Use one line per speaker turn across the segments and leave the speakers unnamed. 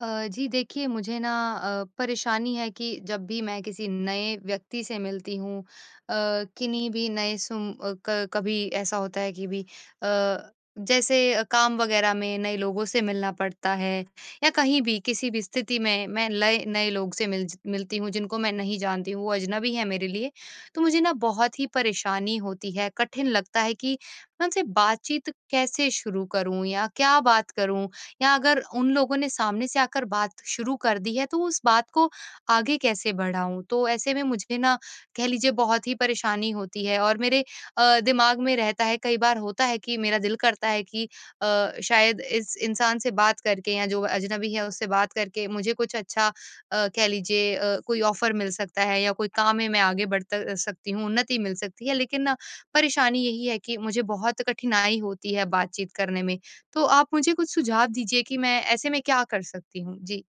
अ, जी देखिए मुझे ना अ, परेशानी है कि जब भी मैं किसी नए व्यक्ति से मिलती हूँ अ, किन्ही भी नए सूम अ, क कभी ऐसा होता है कि भी अ, जैसे काम वग़ैरह में नए लोगों से मिलना पड़ता है या कहीं भी किसी भी स्थिति में मैं लए नए लोग से मिल ज़ मिलती हूँ जिनको मैं नहीं जानती हूँ, वो अजनबी हैं मेरे लिए तो मुझे ना बहुत ही परेशानी होती है। कठिन लगता है कि मैं उनसे बातचीत कैसे शुरू करूँ या क्या बात करूँ? या अगर उन लोगों ने सामने से आकर बात शुरू कर दी है तो उस बात को आगे कैसे बढ़ाऊँ? तो ऐसे में मुझे ना कह लीजिए बहुत ही परेशानी होती है और मेरे अ, दिमाग में रहता है कई बार होता है कि मेरा दिल करता है कि अ, शायद इस इंसान से बात करके या जो अजनबी है उससे बात करके मुझे कुछ अच्छा अ, कह लीजिए अ, कोई ऑफ़र मिल सकता है या कोई काम है, मैं आगे बढ़ त अ, सकती हूँ, उन्नति मिल सकती है। लेकिन ना परेशानी यही है कि मुझे बहुत कठिनाई होती है बातचीत करने में। तो आप मुझे कुछ सुझाव दीजिए कि मैं ऐसे में क्या कर सकती हूँ? जी।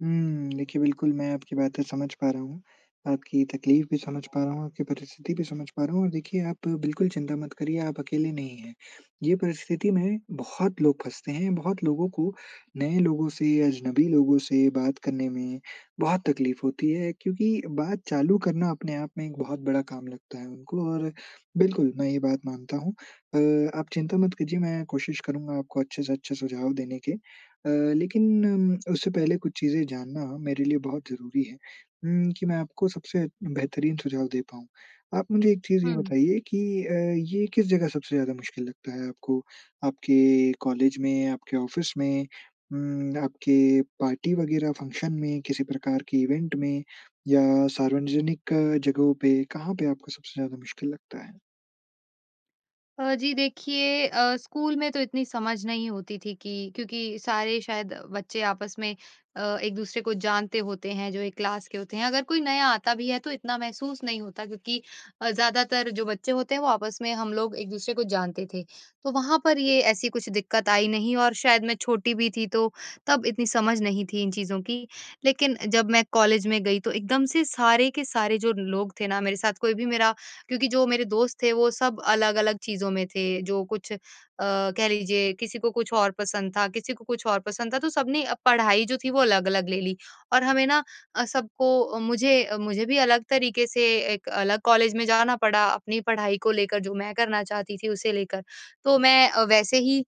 हुँ। देखिए, बिल्कुल मैं आपकी बातें समझ पा रहा हूँ। आपकी तकलीफ़ भी समझ पा रहा हूँ, आपकी परिस्थिति भी समझ पा रहा हूँ। और देखिए, आप बिल्कुल चिंता मत करिये। आप अकेले नहीं हैं। ये परिस्थिति में बहुत लोग फँसते हैं, बहुत लोगों को नए लोगों से, अजनबी लोगों से बात करने में बहुत तकलीफ़ होती है क्योंकि बात चालू करना अपने आप में एक बहुत बड़ा काम लगता है उनको और बिल्कुल मैं ये बात मानता हूँ। अ, आप चिंता मत कीजिए मैं कोशिश करूँगा आपको अच्छे से अच्छे सुझाव देने के। अ, लेकिन उससे पहले कुछ चीज़ें जानना मेरे लिए बहुत ज़रूरी है उम, कि मैं आपको सबसे बेहतरीन सुझाव दे पाऊँ। आप मुझे एक चीज़
हुँ,
ये
हुँ।
बताइये कि अ, ये किस जगह सबसे ज़्यादा मुश्किल लगता है आपको? आपके कॉलेज में, आपके ऑफ़िस में, उम, आपके पार्टी वग़ैरह फ़ंक्शन में, किसी प्रकार के इवेंट में या सार्वजनिक जगहों पे, कहाँ पे आपको सबसे ज़्यादा मुश्किल लगता है?
अ, जी। देखिए, अ, स्कूल में तो इतनी समझ नहीं होती थी कि क्योंकि सारे शायद बच्चे आपस में अ, एक-दूसरे को जानते होते हैं जो 1 क्लास के होते हैं। अगर कोई नया आता भी है तो इतना महसूस नहीं होता क्योंकि अ, ज़्यादातर जो बच्चे होते हैं वो आपस में हम लोग एक-दूसरे को जानते थे। तो वहाँ पर ये ऐसी कुछ दिक्कत आई नहीं और शायद मैं छोटी भी थी, तो तब इतनी समझ नहीं थी इन चीज़ों की। लेकिन जब मैं कॉलेज में गई तो एकदम से सारे के सारे जो लोग थे न मेरे साथ कोई भी मेरा क्योंकि जो मेरे दोस्त थे वो सब अलग-अलग चीज़ों में थे। जो कुछ अ, कह लीजिये किसी को कुछ और पसंद था, किसी को कुछ और पसंद था तो सबने पढ़ाई जो थी वो अलग-अलग ले ली। और हमें ना अ, सबको मुझे मुझे भी अलग तरीक़े से 1 अलग कॉलेज में जाना पड़ा अपनी पढ़ाई को लेकर, जो मैं करना चाहती थी, उसे लेकर। तो मैं अ, वैसे ही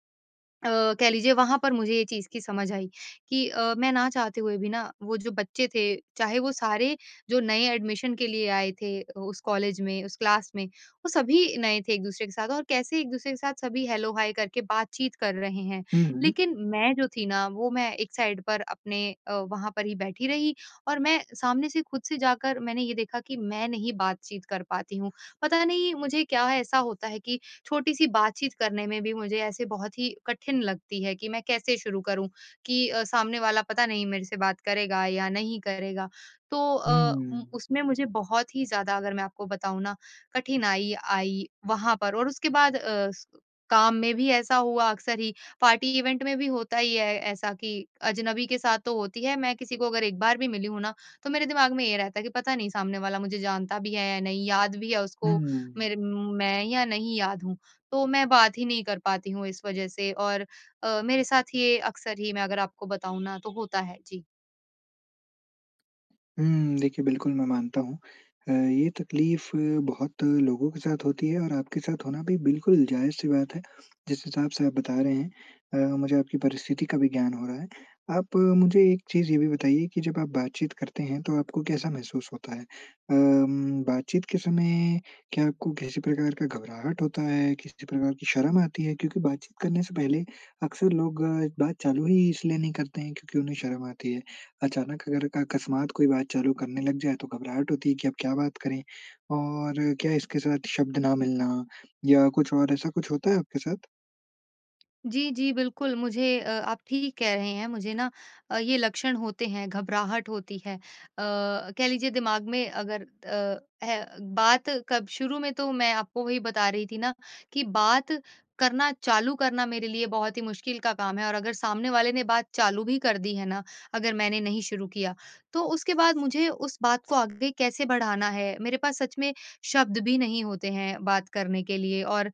अ, कह लीजिये वहाँ पर मुझे ये चीज़ की समझ आई कि अ, मैं ना चाहते हुए भी ना वो जो बच्चे थे चाहे वो सारे जो नए एडमिशन के लिए आए थे उस कॉलेज में, उस क्लास में वो सभी नए थे एक-दूसरे के साथ और कैसे एक-दूसरे के साथ सभी हेलो-हाय करके बातचीत कर रहे हैं।
हुँ, हुँ।
लेकिन मैं जो थी ना वो मैं एक साइड पर अपने अ, वहाँ पर ही बैठी रही। और मैं सामने से ख़ुद से जाकर मैंने ये देखा कि मैं नहीं बातचीत कर पाती हूँ। पता नहीं मुझे क्या ऐसा होता है कि छोटी-सी बातचीत करने में भी मुझे ऐसे बहुत ही कठिन लगती है कि मैं कैसे शुरू करूँ? कि अ, सामने वाला पता नहीं मेरे से बात करेगा या नहीं करेगा। तो अ,
हुँ।
उसमें मुझे बहुत ही ज़्यादा अगर मैं आपको बताऊँ न कठिनाई आई वहाँ पर और उसके बाद अ, उस काम में भी ऐसा हुआ अक्सर ही पार्टी इवेंट में भी होता ही है ऐसा कि अजनबी के साथ तो होती है। मैं किसी को अगर एक बार भी मिली हूँ ना, तो मेरे दिमाग़ में ये रहता है, कि पता नहीं सामने वाला मुझे जानता भी है या नहीं, याद भी है
हुँ,
उसको
हुँ।
मेरे मैं या नहीं याद हूँ? तो मैं बात ही नहीं कर पाती हूँ, इस वज़ह से और अ, मेरे साथ ये अक्सर ही, मैं अगर आपको बताऊँ ना तो होता है। जी।
हुँ। देखिए, बिल्कुल मैं मानता हूँ अ, ये तकलीफ़ बहुत लोगों के साथ होती है और आपके साथ होना भी बिल्कुल जायज़ सी बात है जिस हिसाब से आप बता रहे हैं अ, मुझे आपकी परिस्थिति का भी ज्ञान हो रहा है। आप मुझे एक चीज़ ये भी बताइए कि जब आप बातचीत करते हैं तो आपको कैसा महसूस होता है? अम, बातचीत के समय क्या आपको किसी प्रकार का घबराहट होता है, किसी प्रकार की शर्म आती है क्योंकि बातचीत करने से पहले अक्सर लोग बात चालू ही इसलिए नहीं करते हैं क्योंकि उन्हें शर्म आती है। अचानक अगर अकस्मात कोई बात चालू करने लग जाए तो घबराहट होती है कि आप क्या बात करें? और क्या इसके साथ शब्द ना मिलना या कुछ और ऐसा कुछ होता है आपके साथ?
जी, जी। बिल्कुल, मुझे अ, आप ठीक कह रहे हैं मुझे ना अ, ये लक्षण होते हैं घबराहट होती है। अ, कह लीजिए दिमाग में अगर अ, ए बात कब शुरू में तो मैं आपको वही बता रही थी ना कि बात करना चालू करना मेरे लिए बहुत ही मुश्किल का काम है और अगर सामने वाले ने बात चालू भी कर दी है ना अगर मैंने नहीं शुरू किया। तो उसके बाद मुझे उस बात को आगे कैसे बढ़ाना है, मेरे पास सच में शब्द भी नहीं होते हैं बात करने के लिए। और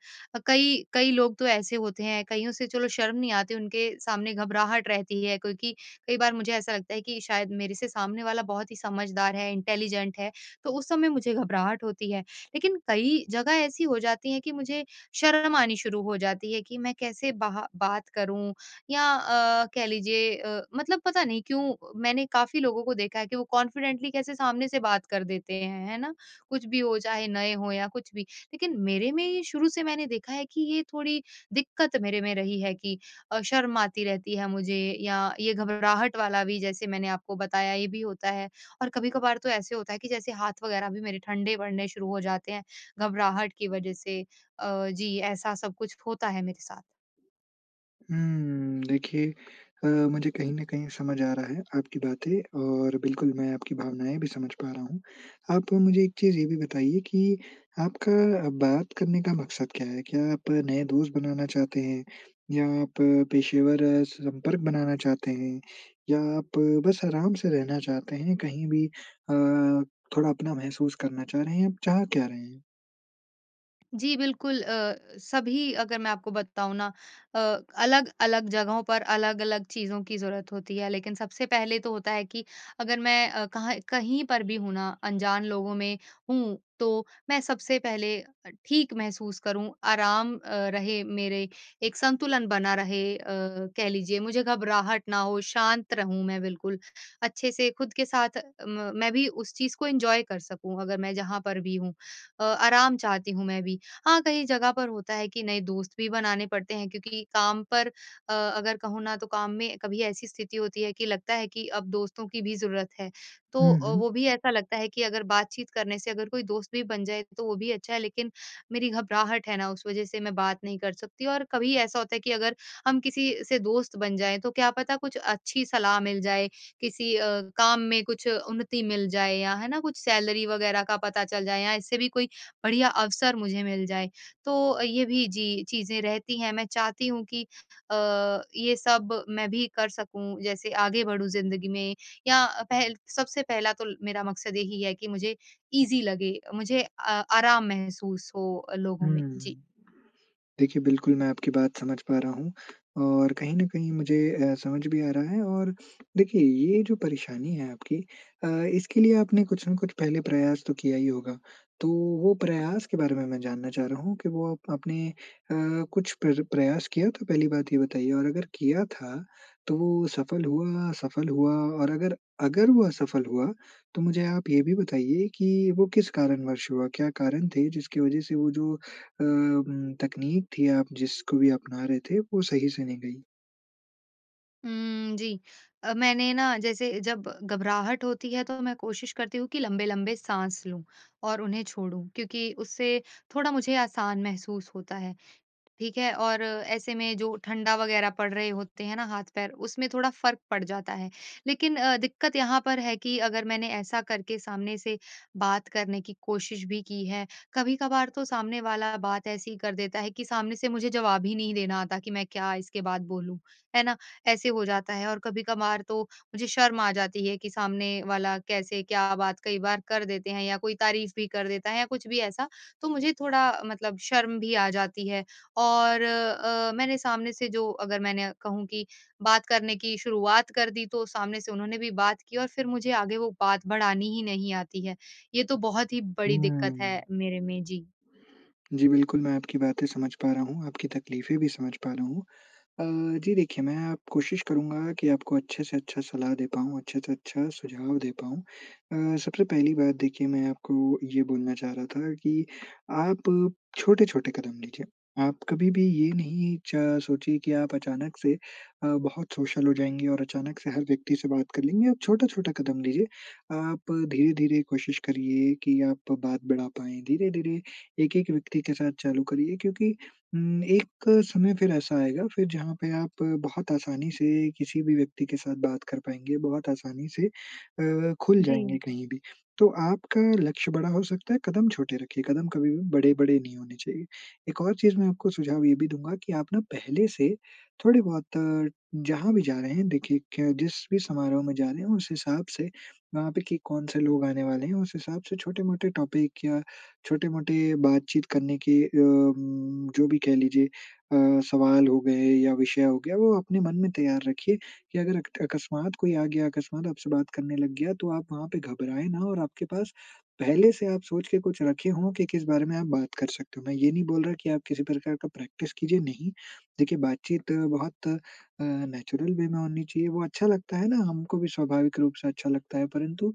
कई कई लोग तो ऐसे होते हैं कईयों से चलो शर्म नहीं आती उनके सामने घबराहट रहती है क्योंकि कई बार मुझे ऐसा लगता है कि शायद मेरे से सामने वाला बहुत ही समझदार है, इंटेलिजेंट है, तो उस समय मुझे घबराहट होती है। लेकिन कई जगह ऐसी हो जाती है कि मुझे शर्म आनी शुरू हो जाती है कि मैं कैसे बाहा बात करूँ या अ, कह लीजिए अ, मतलब पता नहीं क्यों मैंने काफ़ी लोगों को देखा है कि वो कॉन्फिडेंटली कैसे सामने से बात कर देते हैं। है ना, कुछ भी हो चाहे, नए हो या कुछ भी। लेकिन मेरे में ही शुरू से मैंने देखा है कि ये थोड़ी दिक्कत मेरे में रही है कि अ, शर्म आती रहती है मुझे या ये घबराहट वाला भी जैसे मैंने आपको बताया ये भी होता है। और कभी-कभार तो ऐसे होता है कि जैसे हाथ वग़ैरह भी मेरे ठंडे पड़ने शुरू हो जाते हैं, घबराहट की वज़ह से। अ, जी ऐसा सब कुछ होता है मेरे साथ।
हुँ। देखिए अ, मुझे कहीं न कहीं समझ आ रहा है आपकी बातें और बिल्कुल मैं आपकी भावनाएँ भी समझ पा रहा हूँ। आप मुझे एक चीज़ ये भी बताइए कि आपका बात करने का मकसद क्या है? क्या आप नए दोस्त बनाना चाहते हैं या आप पेशेवर संपर्क बनाना चाहते हैं या आप बस आराम से रहना चाहते हैं कहीं भी अ, थोड़ा अपना महसूस करना चाह रहे हैं। आप चाह क्या रहे हैं?
जी, बिल्कुल। अ, सभी अगर मैं आपको बताऊँ ना अ, अलग-अलग जगहों पर अलग-अलग चीज़ों की ज़रूरत होती है। लेकिन सबसे पहले तो होता है कि अगर मैं अ, कहाँ कहीं पर भी हूँ ना अनजान लोगों में हूँ, तो मैं सबसे पहले अ, ठीक महसूस करूँ आराम अ, रहे मेरे एक संतुलन बना रहे अ, कह लीजिए मुझे घबराहट ना हो शांत रहूँ मैं बिल्कुल। अच्छे से खुद के साथ म मैं भी उस चीज़ को एन्जॉय कर सकूँ अगर मैं जहाँ पर भी हूँ अ, आराम चाहती हूँ मैं भी। हाँ, कई जगह पर होता है कि नए दोस्त भी बनाने पड़ते हैं क्योंकि काम पर अ, अगर कहूँ ना तो काम में कभी ऐसी स्थिति होती है कि लगता है कि अब दोस्तों की भी ज़रूरत है। तो
हुँ,
अ, वो
हुँ।
भी ऐसा लगता है कि अगर बातचीत करने से अगर कोई दोस्त भी बन जाए तो वो भी अच्छा है लेकिन मेरी घबराहट है ना उस वज़ह से मैं बात नहीं कर सकती और कभी ऐसा होता है कि अगर हम किसी से दोस्त बन जाएँ तो क्या पता कुछ अच्छी सलाह मिल जाए किसी अ, काम में कुछ उन्नति मिल जाए या है ना? कुछ सैलरी वग़ैरह का पता चल जाए या इससे भी कोई बढ़िया अवसर मुझे मिल जाए। तो ये भी जी चीज़ें रहती हैं मैं चाहती हूँ कि अ, ये सब मैं भी कर सकूँ जैसे आगे बढ़ूँ ज़िंदगी में, या पहल सबसे पहला तो मेरा मकसद यही है कि मुझे इज़ी लगे मुझे आ आराम महसूस हो अ, लोगों में। जी।
हुँ। देखिए बिल्कुल मैं आपकी बात समझ पा रहा हूँ। और कहीं न कहीं मुझे अ, समझ भी आ रहा है, और देखिए ये जो परेशानी है आपकी अ, इसके लिए आपने कुछ न कुछ पहले प्रयास तो किया ही होगा। तो वो प्रयास के बारे में, मैं जानना चाह रहा हूँ कि वो आप अपने अ, कुछ प्र प्रयास किया तो पहली बात ये बताइए और अगर किया था तो वो सफल हुआ, असफल हुआ और अगर अगर वो असफल हुआ, तो मुझे आप ये भी बताइए कि वो किस कारणवश हुआ? क्या कारण थे जिसकी वज़ह से वो जो अ, उम, तकनीक थी आप जिसको भी अपना रहे थे वो सही से नहीं गई?
हुँ। जी, मैंने ना जैसे जब घबराहट होती है तो मैं कोशिश करती हूँ कि लंबे-लंबे साँस लूँ और उन्हें छोड़ूँ। क्योंकि उससे थोड़ा मुझे आसान महसूस होता है। ठीक है? और ऐसे में जो ठंडा वग़ैरह पड़ रहे होते हैं न हाथ-पैर उसमें थोड़ा फ़र्क पड़ जाता है। लेकिन दिक्कत यहाँ पर है कि अगर मैंने ऐसा करके सामने से बात करने की कोशिश भी की है, कभी-कभार तो सामने वाला बात ऐसी ही कर देता है कि सामने से मुझे जवाब ही नहीं देना आता कि मैं क्या इसके बाद बोलूँ। है ना? ऐसे हो जाता है और कभी-कभार तो मुझे शर्म आ जाती है कि सामने वाला कैसे क्या बात कई बार कर देते हैं या कोई तारीफ़ भी कर देता है या कुछ भी ऐसा तो मुझे थोड़ा मतलब शर्म भी आ जाती है और अ, मैंने सामने से जो अगर मैंने कहूँ कि बात करने की शुरुआत कर दी तो सामने से उन्होंने भी बात की और फिर मुझे आगे वो बात बढ़ानी ही नहीं आती है। ये तो बहुत ही बड़ी दिक्कत है
हुँ।
मेरे में। जी।
जी बिल्कुल। मैं आपकी बातें समझ पा रहा हूँ। आपकी तकलीफ़े भी समझ पा रहा हूँ। अ, जी, देखिए मैं कोशिश करूँगा की आपको अच्छे से अच्छा सलाह दे पाऊँ, अच्छे से अच्छा सुझाव दे पाऊँ। अ, सबसे पहली बात देखिए मैं आपको ये बोलना चाह रहा था कि आप छोटे-छोटे कदम लीजिए। आप कभी-भी ये नहीं च सोचिए कि आप अचानक से अ, बहुत सोशल हो जाएँगी और अचानक से हर व्यक्ति से बात कर लेंगे। आप छोटा-छोटा कदम लीजिए। आप धीरे-धीरे कोशिश करिए कि आप बात बढ़ा पाएँ। धीरे-धीरे 1-1 व्यक्ति के साथ चालू करिए क्योंकि उम, एक समय फिर ऐसा आएगा फिर जहाँ पे आप बहुत आसानी से किसी भी व्यक्ति के साथ बात कर पाएँगे, बहुत आसानी से अ, खुल जाएँगे
जी।
कहीं-भी। तो आपका लक्ष्य बड़ा हो सकता है कदम छोटे रखिए। कदम कभी भी बड़े-बड़े नहीं होने चाहिए। एक और चीज़ मैं आपको सुझाव ये भी दूँगा की आप ना, पहले से थोड़े बहुत जहाँ भी जा रहे हैं, देखिए कि जिस भी समारोह में जा रहे हैं उस हिसाब से वहाँ पे कि कौन-से लोग आने वाले हैं उस हिसाब से छोटे-मोटे टॉपिक या छोटे-मोटे बातचीत करने के अ, उम, जो भी कह लीजिए अ, सवाल हो गए या विषय हो गया, वो अपने मन में तैयार रखिए कि अगर अकस्मात कोई आ गया, अकस्मात आपसे बात करने लग गया तो आप वहाँ पे घबराए ना और आपके पास पहले से आप सोच के कुछ रखे हो कि किस बारे में आप बात कर सकते हो। मैं ये नहीं बोल रहा कि आप किसी प्रकार का प्रैक्टिस कीजिए, नहीं। देखिए बातचीत बहुत अ, नेचुरल वे में होनी चाहिए। वो अच्छा लगता है ना, हमको भी स्वाभाविक रूप से अच्छा लगता है परंतु,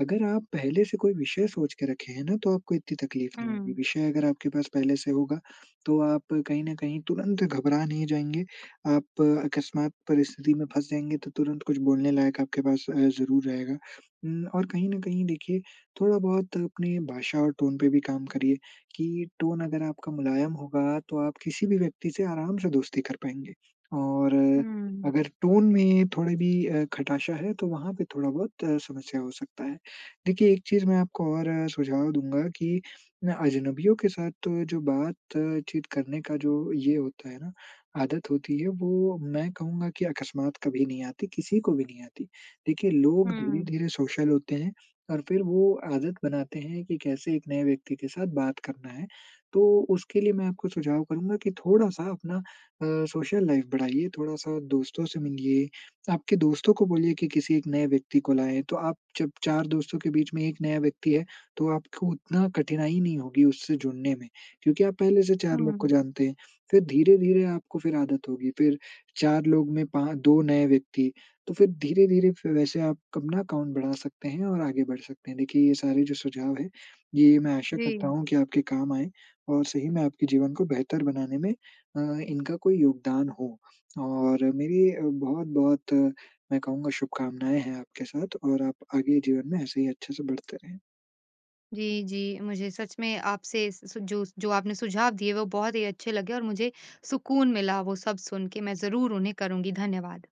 अगर आप पहले से कोई विषय सोच के रखे हैं न तो आपको इतनी तकलीफ़ नहीं होगी।
हुँ।
विषय अगर आपके पास पहले से होगा तो आप कहीं न कहीं तुरंत घबरा नहीं जाएँगे। आप अकस्मात परिस्थिति में फँस जाएँगे तो तुरंत कुछ बोलने लायक आपके पास ज़रूर रहेगा। उम, और कहीं न कहीं देखिए थोड़ा-बहुत अपनी भाषा और टोन पे भी काम करिए कि टोन अगर आपका मुलायम होगा तो आप किसी भी व्यक्ति से आराम से दोस्ती कर पाएँगे। और
हुँ।
अगर टोन में थोड़ा भी अ, खटाशा है तो वहाँ पे थोड़ा-बहुत समस्या हो सकता है। देखिए एक चीज़ मैं आपको और सुझाव दूँगा कि मैं अजनबियों के साथ जो बात-चीत करने का जो ये होता है ना, आदत होती है वो मैं कहूँगा कि अकस्मात कभी नहीं आती, किसी को भी नहीं आती। देखिए लोग
हुँ।
धीरे-धीरे सोशल होते हैं और फिर वो आदत बनाते हैं कि कैसे 1 नए व्यक्ति के साथ बात करना है। तो उसके लिए मैं आपको सुझाव करूँगा कि थोड़ा-सा अपना अ, सोशल लाइफ़ बढ़ाइए, थोड़ा-सा दोस्तों से मिलिए, आपके दोस्तों को बोलिए की किसी 1 नए व्यक्ति को लाएँ। तो आप जब 4 दोस्तों के बीच में 1 नया व्यक्ति है तो आपको उतना कठिनाई नहीं होगी उससे जुड़ने में। क्योंकि आप पहले से 4 लोग को
हुँ।
जानते हैं। फिर धीरे-धीरे आपको फिर आदत होगी, फिर 4 लोग में पाँ 2 नए व्यक्ति, तो फिर धीरे-धीरे वैसे आप अपना अकाउंट बढ़ा सकते हैं और आगे बढ़ सकते हैं। देखिए ये सारे जो सुझाव हैं ये मैं आशा करता
जी।
हूँ कि आपके काम आएँ और सही में आपके जीवन को बेहतर बनाने में अ, इनका कोई योगदान हो। और मेरी बहुत-बहुत मैं कहूँगा शुभकामनाएँ हैं आपके साथ और आप आगे जीवन में ऐसे ही अच्छे से बढ़ते रहें।
जी, जी। मुझे सच में आपसे स जो जो आपने सुझाव दिए वो बहुत ही अच्छे लगे। और मुझे सुकून मिला वो सब सुन के मैं ज़रूर उन्हें करुँगी। धन्यवाद।